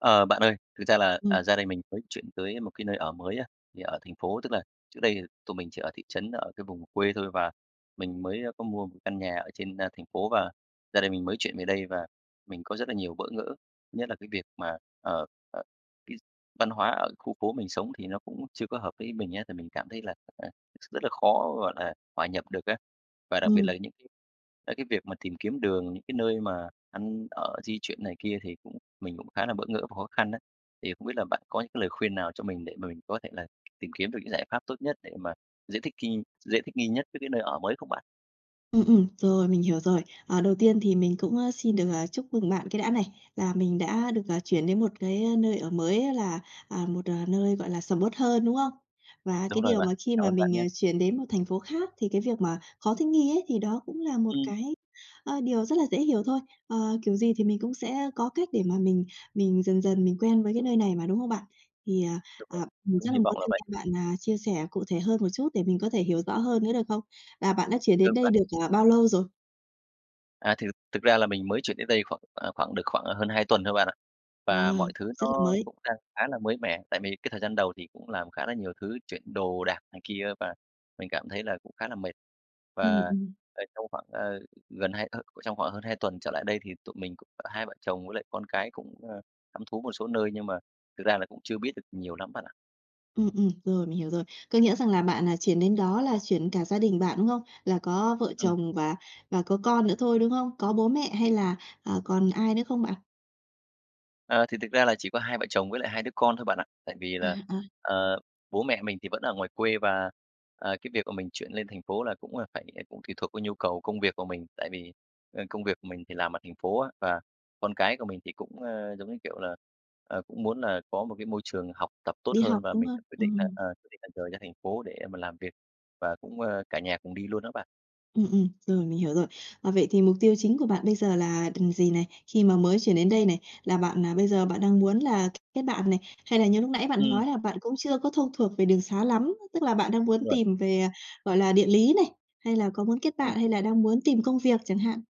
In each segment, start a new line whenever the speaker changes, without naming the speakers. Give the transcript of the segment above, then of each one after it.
Ờ, bạn ơi, thực ra là, à,
Ừm.
gia đình mình mới chuyển tới một cái nơi ở mới á, thì ở thành phố, tức là trước đây tụi mình chỉ ở thị trấn ở cái vùng quê thôi, và mình mới, ơ, có mua một căn nhà ở trên, ơ, thành phố và gia đình mình mới chuyển về đây, và mình có rất là nhiều bỡ ngỡ. Thứ nhất là cái việc mà, ờ, ờ, cái văn hóa ở khu phố mình sống thì nó cũng chưa có hợp với ý mình á, thì mình cảm thấy là, à, rất là khó, gọi là, hòa nhập được á. Và đặc biệt
Ừm.
là những cái tới cái việc mà tìm kiếm đường, những cái nơi mà ăn ở di chuyển này kia thì cũng mình cũng khá là bỡ ngỡ và khó khăn á. Thì không biết là bạn có những cái lời khuyên nào cho mình để mà mình có thể là tìm kiếm được những giải pháp tốt nhất để mà dễ thích nghi, dễ thích nghi nhất với cái nơi ở mới không bạn?
Ừm, ừm, rồi mình hiểu rồi. Ờ, đầu tiên thì mình cũng, ơ, xin được, à, chúc mừng bạn cái đã này, là mình đã được, à, chuyển đến một cái nơi ở mới là, à, một nơi, gọi là, sầm uất hơn, đúng không? Và
Đúng
cái
rồi
điều
bạn,
mà khi
cảm
mà
ơn bạn
mình,
nhá!
ờ, chuyển đến một thành phố khác thì cái việc mà khó thích nghi ấy thì đó cũng là một
Ừm.
cái, ờ, điều rất là dễ hiểu thôi. Ờ, kiểu gì thì mình cũng sẽ, ơ, có cách để mà mình mình dần dần mình quen với cái nơi này mà, đúng không bạn? Thì, à,
Đúng rồi,
à,
mình
mình
cũng
rất là
hy
muốn
vọng là
thêm
vậy.
nghe bạn, à, chia sẻ cụ thể hơn một chút, để mình có thể hiểu rõ hơn nữa được không? Là bạn đã chuyển đến
Được
đây
bạn.
được, ờ, bao lâu rồi?
À, thì thực thực ra là mình mới chuyển đến đây khoảng, à, khoảng được khoảng hơn hai tuần thôi bạn ạ.
À,
Và mọi thứ
rất là
nó
mới.
cũng đang khá là mới mẻ, tại vì cái thời gian đầu thì cũng làm khá là nhiều thứ, chuyển đồ đạc này kia và mình cảm thấy là cũng khá là mệt.
Ừm,
Và,
ừm.
ờ, trong khoảng, ờ, gần hai, ơ trong khoảng hơn hai tuần trở lại đây thì tụi mình cũng cả hai vợ chồng với lại con cái cũng, a, thăm thú một số nơi, nhưng mà thực ra là cũng chưa biết được nhiều lắm bạn ạ.
Ừm, ừm, rồi, mình hiểu rồi. Có nghĩa rằng là bạn, à, chuyển đến đó là chuyển cả gia đình bạn, đúng không? Là có vợ
Ừm.
chồng và và có con nữa thôi, đúng không? Có bố mẹ hay là, à, còn ai nữa không bạn?
Ờ. Thì thực ra là chỉ có hai vợ chồng với lại 2 đứa con thôi bạn ạ. Tại vì
À,
là,
ờ.
ờ, bố mẹ mình thì vẫn ở ngoài quê và, ờ, cái việc mà mình chuyển lên thành phố là cũng là phải cũng tùy thuộc vào nhu cầu công việc của mình. Tại vì, ờ, công việc của mình thì làm ở thành phố á, và con cái của mình thì cũng, ờ, giống như kiểu là, ờ, cũng muốn là có một cái môi trường học tập tốt
Đi
hơn,
học,
và
đúng
mình đã
không?
quyết định là
Ừm.
ờ, quyết định là rời ra thành phố để mà làm việc và cũng, ờ, cả nhà cùng đi luôn đó bạn.
Ừm, ừm, rồi, mình hiểu rồi. Ờ, vậy thì mục tiêu chính của bạn bây giờ là, ừm, gì này, khi mà mới chuyển đến đây này? Là bạn, à, bây giờ bạn đang muốn là kết bạn này, hay là như lúc nãy bạn
Ừm.
nói là bạn cũng chưa có thông thuộc về đường sá lắm á, tức là bạn đang muốn
Đúng rồi.
tìm về, à, gọi là, địa lý này, hay là có muốn kết bạn
Ừm.
hay là đang muốn tìm công việc chẳng hạn?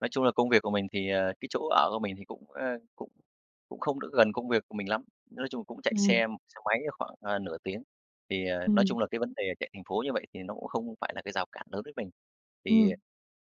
Nói chung là công việc của mình thì, ờ, cái chỗ ở của mình thì cũng, ờ, cũng cũng không được gần công việc của mình lắm, nói chung là cũng chạy xe
Ừm.
xe máy khoảng, ờ, nửa tiếng. Thì, ờ, nói
Ừm.
chung là cái vấn đề chạy thành phố như vậy thì nó cũng không phải là cái rào cản lớn với mình. Thì,
Ừm.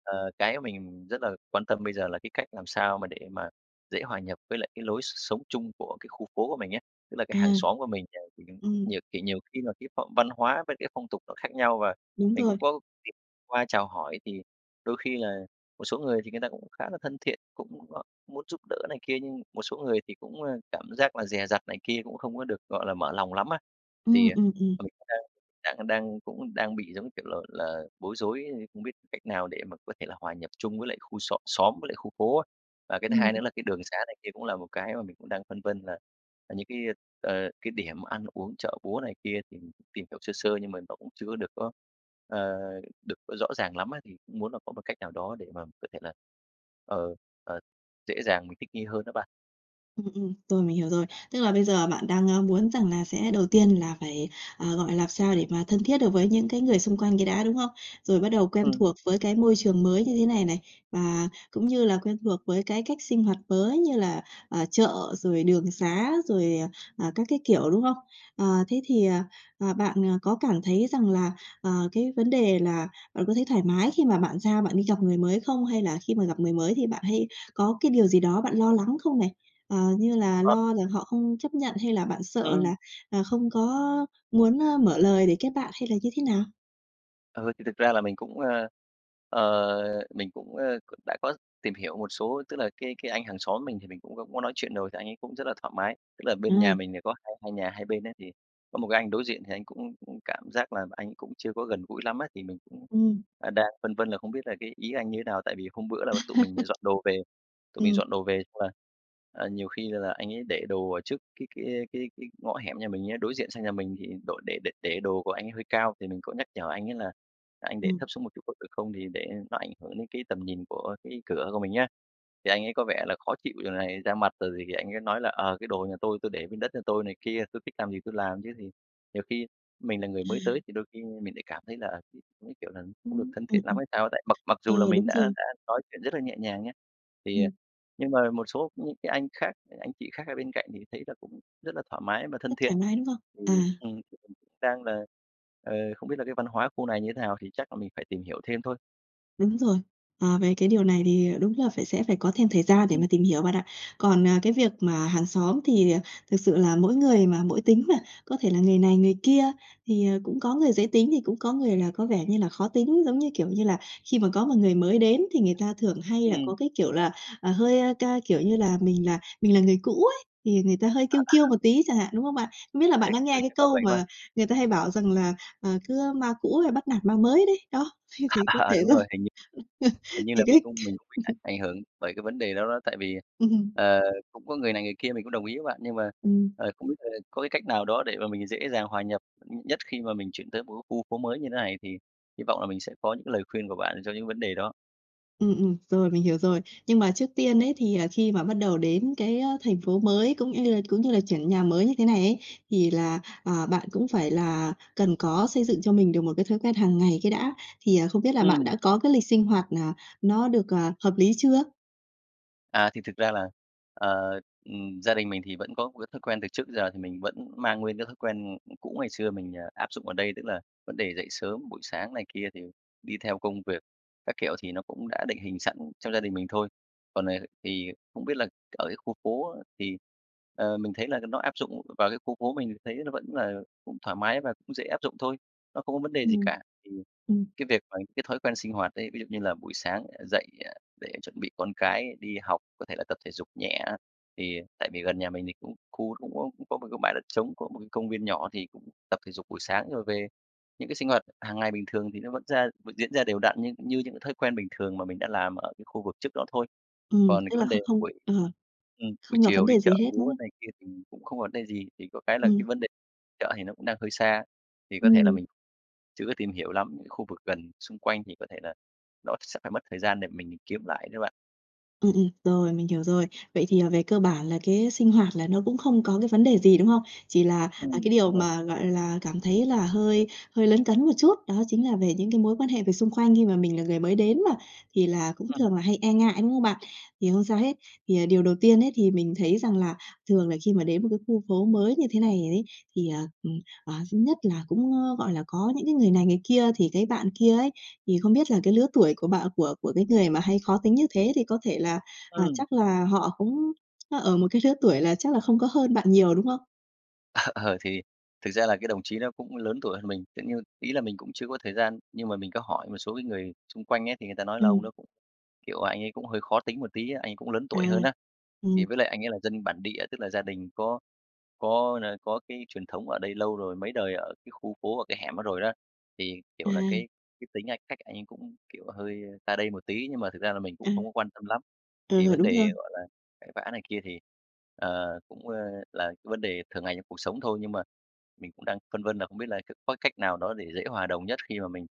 ờ, cái mình rất là quan tâm bây giờ là cái cách làm sao mà để mà dễ hòa nhập với lại cái lối s sống chung của cái khu phố của mình á. Tức là cái hàng
À.
xóm của mình, à, thì cũng cũng
Ừm.
nhiều thì nhiều khi là cái phong văn hóa với cái phong tục nó khác nhau và
Đúng
mình
rồi.
cũng có [unintelligible] qua chào hỏi, thì đôi khi là một số người thì người ta cũng khá là thân thiện, cũng, ờ, muốn giúp đỡ này kia, nhưng một số người thì cũng, ờ, cảm giác là dè dặt này kia, cũng không có được, gọi là, mở lòng lắm á.
Ừm,
Thì,
ừm, ừm.
ờ, mình cũng đang đang đang cũng đang bị, giống như kiểu là là, bối rối không biết cách nào để mà có thể là hòa nhập chung với lại khu xóm xóm với lại khu phố á. Và cái thứ hai
Ừm.
nữa là cái đường xá này kia cũng là một cái mà mình cũng đang phân vân là những cái, ờ, cái điểm ăn uống, chợ búa này kia thì tìm hiểu sơ sơ nhưng mà nó cũng chưa có được có, ờ, được rõ ràng lắm á. Thì cũng muốn là có một cách nào đó để mà có thể là, ờ, ờ, dễ dàng mình thích nghi hơn đó bạn.
Ừm, ừm, rồi, mình hiểu rồi. Tức là bây giờ bạn đang, a, muốn rằng là sẽ đầu tiên là phải, ờ, gọi là, làm sao để mà thân thiết được với những cái người xung quanh cái đã, đúng không? Rồi bắt đầu quen
Ừm.
thuộc với cái môi trường mới như thế này này, và cũng như là quen thuộc với cái cách sinh hoạt mới như là, ờ, chợ, rồi đường xá, rồi, à, à, các cái kiểu, đúng không? Ờ, thế thì, ờ, ờ, bạn, ờ, có cảm thấy rằng là, ờ, cái vấn đề là bạn có thấy thoải mái khi mà bạn ra bạn đi gặp người mới không? Hay là khi mà gặp người mới thì bạn hay có cái điều gì đó bạn lo lắng không này, ờ, như là
Ờ.
lo là họ không chấp nhận hay là bạn sợ
Ừm.
là, à, không có muốn, a, mở lời để kết bạn hay là như thế nào?
Ừ, thì thực ra là mình cũng, ơ, ờ, mình cũng, ơ, đã có tìm hiểu một số, tức là cái cái anh hàng xóm mình thì mình cũng có nói chuyện rồi, thì anh ấy cũng rất là thoải mái. Tức là bên nhà
Ừm.
mình thì có hai hai nhà hai bên ấy, thì có một cái anh đối diện thì anh cũng cũng cảm giác là anh ấy cũng chưa có gần gũi lắm á, thì mình cũng,
Ừm.
à, đang phân vân là không biết là cái ý anh như thế nào. Tại vì hôm bữa là tụi mình dọn đồ về tụi mình
Ừm.
dọn đồ về xong là, ờ, nhiều khi là anh ấy để đồ ở trước cái cái cái cái ngõ hẻm nhà mình á, đối diện sang nhà mình. Thì đổ để để đồ của anh ấy hơi cao, thì mình có nhắc nhở anh ấy là "Anh để
Ừm.
thấp xuống một chút có được không?" Thì để nó ảnh hưởng đến cái tầm nhìn của cái cửa của mình á. Thì anh ấy có vẻ là khó chịu rồi này ra mặt, rồi thì thì anh ấy nói là "Ờ, cái đồ nhà tôi, tôi để bên đất nhà tôi" này kia, "Tôi thích làm gì thì tôi làm." Chứ thì nhiều khi mình là người mới tới
À.
thì đôi khi mình lại cảm thấy là, à, cái cái kiểu là không được
Ừm,
thân thiện
ừm,
lắm
ừm.
hay sao á. Tại mặc mặc
Ờ,
dù là mình
đúng
đã
rồi.
đã nói chuyện rất là nhẹ nhàng nhá, thì, à,
Ừm.
nhưng mà một số những cái anh khác, anh chị khác ở bên cạnh thì thấy là cũng rất là thoải mái và thân
Rất
thiện.
thoải mái, đúng không?
Thì,
À.
ừm, cũng đang là, ờ, không biết là cái văn hóa khu này như thế nào, thì chắc là mình phải tìm hiểu thêm thôi.
Đúng rồi. Ờ, về cái điều này thì đúng là phải sẽ phải có thêm thời gian để
Ừm.
mà tìm hiểu bạn ạ. Còn, à, cái việc mà hàng xóm thì thực sự là mỗi người mà mỗi tính mà, có thể là người này người kia, thì, ờ, cũng có người dễ tính thì cũng có người là có vẻ như là khó tính. Giống như, kiểu như là, khi mà có mà người mới đến thì người ta thường hay là có
Ừm.
cái kiểu là, ờ, hơi, a, ca kiểu như là mình là mình là người cũ ấy, thì người ta hơi kiêu kiêu một
[unintelligible]
tí chẳng hạn, đúng hông bạn? Không biết là bạn
Chắc
đã
ừ,
nghe cái
chắc là
câu
vậy qua.
mà người ta hay bảo rằng là, ờ, cứ "ma cũ hay bắt nạt ma mới" đấy, đó, thế thì có
À,
thể
đúng
do
rồi. Hình như hình như
thì
là mình
cái
cũng mình cũng bị ảnh hưởng bởi cái vấn đề đó đó. Tại vì,
Ừm.
ờ, cũng có người này người kia, mình cũng đồng ý với bạn, nhưng mà,
Ừm.
ờ, không biết là có cái cách nào đó để mà mình dễ dàng hòa nhập, ừm, nhất khi mà mình chuyển tới một cái khu phố mới như thế này? Thì hy vọng là mình sẽ có những cái lời khuyên của bạn cho những vấn đề đó.
Ừm, ừm, rồi, mình hiểu rồi. Nhưng mà trước tiên ấy thì, à, khi mà bắt đầu đến cái, ơ, thành phố mới, cũng ư là cũng như là chuyển nhà mới như thế này ấy, thì là, ờ, bạn cũng phải là cần có xây dựng cho mình được một cái thói quen hàng ngày cái đã. Thì, ờ, không biết là bạn
Ừm.
đã có cái lịch sinh hoạt, à, nó được, ờ, hợp lý chưa?
À, thì thực ra là, ờ, ừm, gia đình mình thì vẫn có một cái thói quen từ trước giờ thì mình vẫn mang nguyên cái thói quen, ưm, cũ ngày xưa mình, ờ, áp dụng ở đây, tức là vấn đề dậy sớm buổi sáng này kia thì đi theo công việc, các kiểu, thì nó cũng đã định hình sẵn trong gia đình mình thôi. Còn, ờ, thì không biết là ở cái khu phố thì, ờ, mình thấy là [unintelligible] nó áp dụng vào cái khu phố mình thấy nó vẫn là cũng thoải mái và cũng dễ áp dụng thôi, nó không có vấn đề gì
Ừm.
cả. Thì
Ừm.
cái việc mà cái thói quen sinh hoạt ấy, ví dụ như là buổi sáng dậy, à, để chuẩn bị con cái đi học, có thể là tập thể dục nhẹ, thì tại vì gần nhà mình thì cũng khu cũng có cũng có một cái bãi đất trống, có một cái công viên nhỏ thì cũng tập thể dục buổi sáng rồi về. Những cái sinh hoạt hằng ngày bình thường thì nó vẫn ra vẫn diễn ra đều đặn như như những thói quen bình thường mà mình đã làm ở cái khu vực trước đó thôi.
Ừm,
Còn
tức
cái
là
vấn
kh
đề
không
buổi
ờ,
ừm, buổi
không gặp vấn
chiều đi
đề gì
chợ
hết, đúng
búa
không?
này kia thì cũng không vấn đề gì, chỉ có cái là cái
Ừm.
vấn đề chợ thì nó cũng đang hơi xa, thì có thể là
Ừm.
mình chưa có tìm hiểu lắm những khu vực gần xung quanh, thì có thể là nó sẽ phải mất thời gian để mình kiếm lại đó bạn.
Ừm, ừm, rồi, mình hiểu rồi. Vậy thì, ờ, về cơ bản là cái sinh hoạt là nó cũng không có cái vấn đề gì, đúng không? Chỉ là, à,
Ừm,
cái điều
đúng rồi.
mà, gọi là, cảm thấy là hơi hơi lấn cấn một chút, đó chính là về những cái mối quan hệ về xung quanh khi mà mình là người mới đến mà, thì là cũng
Ừm.
thường là hay e ngại, đúng không bạn? Thì không sao hết, thì, à, điều đầu tiên ấy thì mình thấy rằng là thường là khi mà đến một cái khu phố mới như thế này ấy thì, ờ, ừm, ờ, thứ nhất là cũng, ơ, gọi là, có những cái người này người kia. Thì cái bạn kia ấy, thì không biết là cái lứa tuổi của b của của cái người mà hay khó tính như thế thì có thể là, à,
Ừm.
chắc là họ cũng, ơ, ở một cái lứa tuổi là chắc là không có hơn bạn nhiều, đúng không?
Ờ, ờ, thì thực ra là cái đồng chí đó cũng lớn tuổi hơn mình. Tự nhiên ý là mình cũng chưa có thời gian, nhưng mà mình có hỏi một số cái người xung quanh ấy thì người ta nói là ông
Ừm.
đó cũng kiểu, anh ấy cũng hơi khó tính một tí á, anh ấy cũng lớn
À,
tuổi hơn á. Thì
ừm.
với lại anh ấy là dân bản địa, tức là gia đình có có n có cái truyền thống ở đây lâu rồi, mấy đời ở cái khu phố ở cái hẻm đó rồi đó, thì, kiểu là,
À!
cái cái tính anh cách anh ấy cũng, kiểu, hơi ta đây một tí, nhưng mà thực ra là mình cũng
À.
không có quan tâm lắm. Thì
Ờ,
vấn
đúng rồi.
đề, gọi là, cãi vã này kia thì, ờ, cũng, ờ, là cái vấn đề thưởng ngày trong cuộc sống thôi nhưng mà mình cũng đang phân vân là không biết là c có cách nào đó để dễ hòa đồng nhất khi mà mình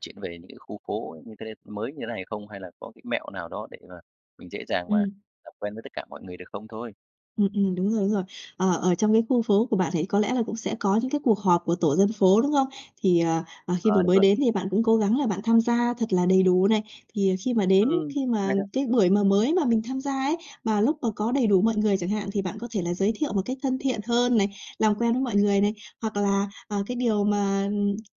chuyển về những cái khu phố như thế mới như thế này không? Hay là có cái mẹo nào đó để mà mình dễ dàng mà
Ừm.
làm quen với tất cả mọi người được không thôi?
Ừm, ừm, đúng rồi, đúng rồi. Ờ, ở trong cái khu phố của bạn thì có lẽ là cũng sẽ có những cái cuộc họp của tổ dân phố, đúng không? Thì ờ, ờ, khi mà
Ờ, đúng
mới
rồi.
đến thì bạn cũng cố gắng là bạn tham gia thật là đầy đủ này. Thì khi mà đến,
Ừm.
khi
Cũng
mà
hay đó.
cái buổi mà mới mà mình tham gia ấy mà lúc mà có đầy đủ mọi người chẳng hạn thì bạn có thể là giới thiệu một cách thân thiện hơn này, làm quen với mọi người này, hoặc là, ờ, cái điều mà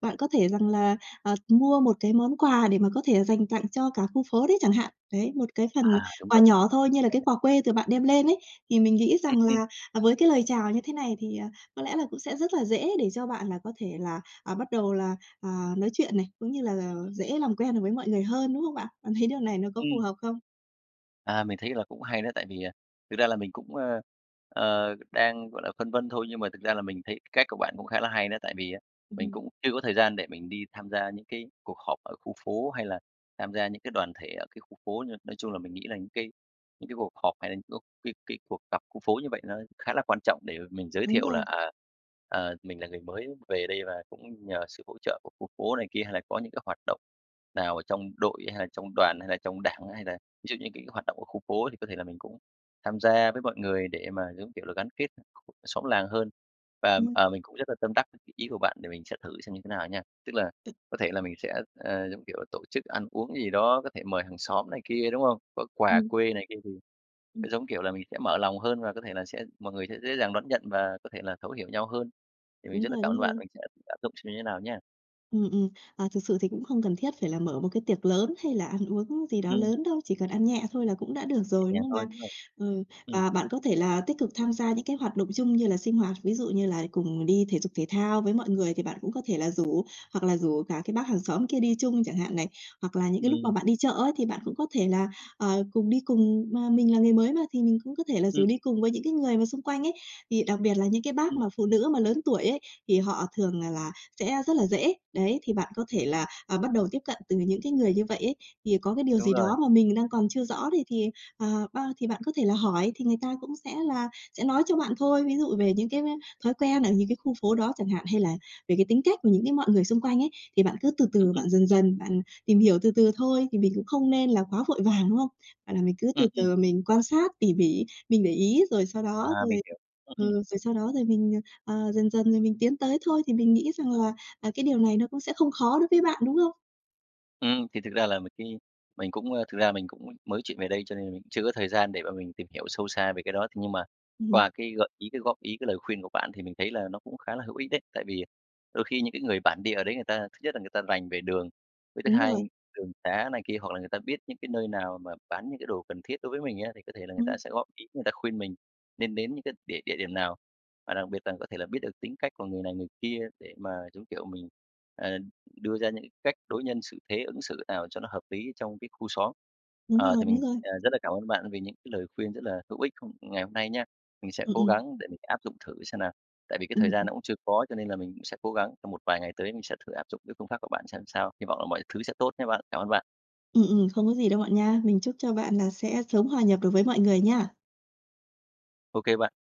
bạn có thể rằng là, ờ, mua một cái món quà để mà có thể dành tặng cho cả khu phố đấy chẳng hạn. Đấy, một cái phần
À, đúng
quà
rồi,
nhỏ thôi như là
đấy.
cái quà quê từ bạn đem lên ấy. Thì mình nghĩ
Ừm,
rằng
ừm.
là với cái lời chào như thế này thì, ờ, có lẽ là cũng sẽ rất là dễ để cho bạn là có thể là, à, bắt đầu là, à, nói chuyện này, cũng như là dễ làm quen được với mọi người hơn, đúng không bạn? Bạn thấy điều này nó có phù
Ừm.
hợp không?
À, mình thấy là cũng hay đó, tại vì, à, thực ra là mình cũng, ơ, ờ, đang, gọi là, phân vân thôi. Nhưng mà thực ra là mình thấy cách của bạn cũng khá là hay nữa, tại vì á mình
Ừm.
cũng chưa có thời gian để mình đi tham gia những cái cuộc họp ở khu phố, hay là tham gia những cái đoàn thể ở cái khu phố. Nhưng nói chung là mình nghĩ là những cái những cái cuộc họp hay là có cái cái cuộc gặp khu phố như vậy nó khá là quan trọng để mà mình giới
Đúng
thiệu là,
rồi.
à, ờ, mình là người mới về đây và cũng nhờ sự hỗ trợ của khu phố này kia. Hay là có những cái hoạt động nào ở trong đội, hay là trong đoàn hay là trong Đảng, hay là ví dụ như cái hoạt động ở khu phố thì có thể là mình cũng tham gia với mọi người để mà, giống kiểu là, gắn kết [unintelligible] xóm làng hơn. Và,
Ừm.
à, mình cũng rất là tâm đắc [unintelligible] ý của bạn để mình sẽ thử xem như thế nào nha, tức là có thể là mình sẽ, ờ, giống kiểu, tổ chức ăn uống gì đó, có thể mời hàng xóm này kia, đúng không? Có quà
Ừm.
quê này kia thì,
Ừm.
giống kiểu là, mình sẽ mở lòng hơn và có thể là sẽ mọi người sẽ dễ dàng đón nhận và có thể là thấu hiểu nhau hơn. Thì mình
Đúng
rất là
rồi,
cảm
đúng
ơn bạn,
rồi.
mình sẽ thử áp dụng xem như nào nhá.
Ừm, ừm, à, thực sự thì cũng không cần thiết phải là mở một cái tiệc lớn hay là ăn uống gì đó
Ừm.
lớn đâu, chỉ cần ăn nhẹ thôi là cũng đã được
Nhẹ
rồi, đúng
nhàng
không
thôi,
bạn?
đúng rồi.
Ờ,
Ừm.
và bạn có thể là tích cực tham gia những cái hoạt động chung như là sinh hoạt, ví dụ như là cùng đi thể dục thể thao với mọi người thì bạn cũng có thể là rủ hoặc là rủ cả cái bác hàng xóm kia đi chung chẳng hạn này. Hoặc là những cái lúc mà
Ừm.
bạn đi chợ ấy thì bạn cũng có thể là, ờ, cùng đi cùng mà mình là người mới mà thì mình cũng có thể là rủ
Ừm.
đi cùng với những cái người mà xung quanh ấy, thì đặc biệt là những cái bác
Ừm.
mà phụ nữ mà lớn tuổi ấy, thì họ thường, à, là sẽ rất là dễ. Đấy, thì bạn có thể là, ờ, bắt đầu tiếp cận từ những cái người như vậy ấy, thì có cái điều
Đúng
gì
rồi.
đó mà mình đang còn chưa
Ừm.
rõ thì thì, ờ, bao thì bạn có thể là hỏi thì người ta cũng sẽ là sẽ nói cho bạn thôi, ví dụ về những cái [unintelligible] thói quen ở những cái khu phố đó chẳng hạn hay là về cái tính cách những cái mọi người xung quanh ấy. Thì bạn cứ từ
Ừ,
từ,
ừ.
bạn dần dần, bạn tìm hiểu từ từ thôi, thì mình cũng không nên là quá vội vàng, đúng không? Và là mình cứ
Ừ,
từ
ừm.
từ mình quan sát tỉ mỉ, mình để ý rồi sau
À,
đó rồi
mình hiểu. Ừ, ừm.
ừm, rồi sau đó rồi mình, ờ, ờ, dần dần rồi mình tiến tới thôi, thì mình nghĩ rằng là, ờ, cái điều này nó cũng sẽ không khó đối với bạn, đúng không?
Ừm, thì thực ra là mình khi mình cũng a, thực ra mình cũng mới chuyển về đây cho nên mình chưa có thời gian để mà mình tìm hiểu sâu xa về cái đó. Thế nhưng mà
Ừm.
qua cái gợi ý, cái góp ý, cái lời khuyên của bạn thì mình thấy là nó cũng khá là hữu ích đấy. Tại vì đôi khi những cái người bản địa ở đấy người ta thứ nhất là người ta rành về đường, với thứ
Đúng
hai,
rồi.
đường xá này kia hoặc là người ta biết những cái nơi nào mà bán những cái đồ cần thiết đối với mình á, thì có thể là người ta
Ừm.
sẽ góp ý, người ta khuyên mình nên đến những cái địa địa điểm nào, và đặc biệt là có thể là biết được tính cách của người này người kia để mà, giống kiểu, mình, ờ, đưa ra những cách đối nhân xử thế ứng xử nào cho nó hợp lý trong cái khu xóm.
Đúng
Ờ,
rồi,
thì
đúng
mình,
rồi.
à, rất là cảm ơn bạn vì những cái lời khuyên rất là hữu ích không ngày hôm nay nha. Mình sẽ
Ừm,
cố
ừm.
gắng để mình áp dụng thử xem nào. Tại vì cái thời
Ừm,
gian
ừm.
nó cũng chưa có cho nên là mình cũng sẽ cố gắng trong một vài ngày tới mình sẽ thử áp dụng cái phương pháp của bạn xem sao. Hi vọng là mọi thứ sẽ tốt nhé bạn. Cảm ơn bạn.
Ừm, ừm, không có gì đâu bạn nha. Mình chúc cho bạn là sẽ sớm hòa nhập được với mọi người nha.
Ô kê bạn.